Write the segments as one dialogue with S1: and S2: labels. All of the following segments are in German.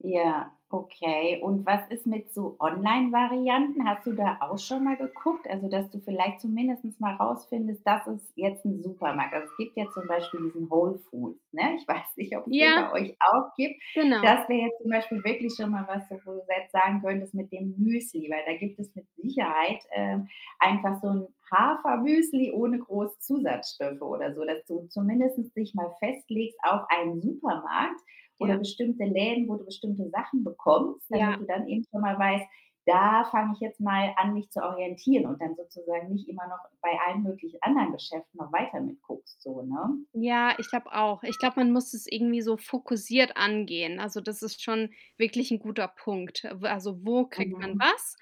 S1: Ja, okay. Und was ist mit so Onlinevarianten? Hast du da auch schon mal geguckt, also, dass du vielleicht zumindest mal rausfindest: „Das ist jetzt 'n Supermarkt.“ Also, es gibt ja zum Beispiel diesen Whole Foods, ne? Ich weiß nicht, ob's den
S2: Ja
S1: bei euch auch gibt?
S2: ...genau.
S1: Das wäre jetzt zum Beispiel wirklich schon mal was, wo du jetzt sagen könntest, mit dem Müsli, weil da gibt es mit Sicherheit, äh, einfach so 'n Hafermüsli ohne groß Zusatzstoffe oder so, dass du zumindest dich mal festlegst auf einen Supermarkt oder
S2: Ja.
S1: bestimmte Läden, wo du bestimmte Sachen bekommst, damit
S2: Ja.
S1: du dann eben schon mal weißt: „Da fange ich jetzt mal an, mich zu orientieren“, und dann sozusagen nicht immer noch bei allen möglichen anderen Geschäften noch weiter mit guckst so, ne?
S2: Ja, ich glaube auch. Ich glaube, man muss das irgendwie so fokussiert angehen. Also, das ist schon wirklich 'n guter Punkt. W also, wo kriegt man
S1: Mhm.
S2: was?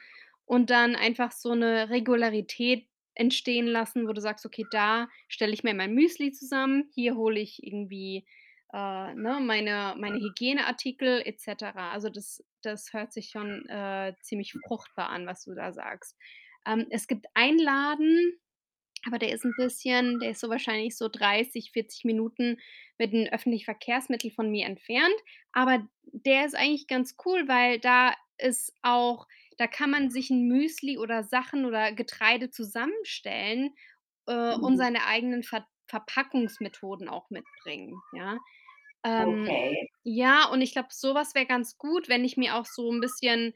S2: Und dann einfach so 'ne Regularität entstehen lassen, wo du sagst: „Okay, da stelle ich mir mein Müsli zusammen. Hier hole ich irgendwie, äh, ne, meine meine Hygieneartikel et cetera.“ Also, das das hört sich schon, äh, ziemlich fruchtbar an, was du da sagst. Ähm, es gibt einen Laden, aber der ist 'n bisschen der ist so wahrscheinlich so 30, 40 Minuten mit den öffentlichen Verkehrsmittel von mir entfernt. Aber d der ist eigentlich ganz cool, weil da ist auch da kann man sich 'n Müsli oder Sachen oder Getreide zusammenstellen, äh, und
S1: Mhm.
S2: seine eigenen Ver Verpackungsmethoden auch mitbringen, ja? Ähm,
S1: Okay.
S2: ja, und ich glaube, sowas wäre ganz gut, wenn ich mir auch so 'n bisschen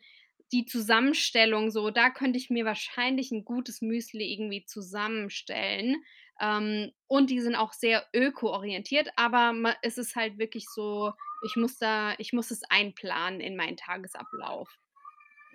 S2: die Zusammenstellung so da könnte ich mir wahrscheinlich 'n gutes Müsli irgendwie zusammenstellen, ähm, und die sind auch sehr ökoorientiert, aber man es ist halt wirklich so, ich muss da ich muss es einplanen in meinen Tagesablauf.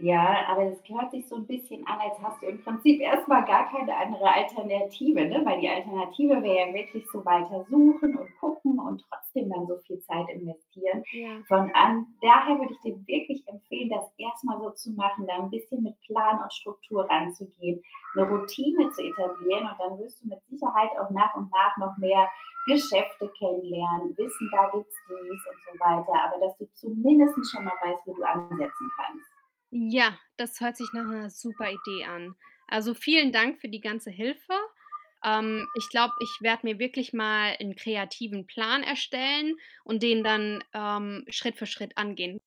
S1: Ja, aber das hört sich so 'n bisschen an, als hast du im Prinzip erst mal gar keine andere Alternative, ne? Weil die Alternative wäre ja wirklich so, weiter suchen und gucken und trotzdem dann so viel Zeit investieren.
S2: Ja.
S1: Von an daher würde ich dir wirklich empfehlen, das erst mal so zu machen, da 'n bisschen mit Plan und Struktur ranzugehen, 'ne Routine zu etablieren und dann wirst du mit Sicherheit auch nach und nach noch mehr Geschäfte kennenlernen, wissen da, gibt's dies und so weiter, aber dass du zumindest schon mal weißt, wo du ansetzen kannst.
S2: Ja, das hört sich nach 'ner super Idee an. Also, vielen Dank für die ganze Hilfe. Ähm, ich glaube, ich werde mir wirklich mal 'n kreativen Plan erstellen und den dann, ähm, Schritt für Schritt angehen.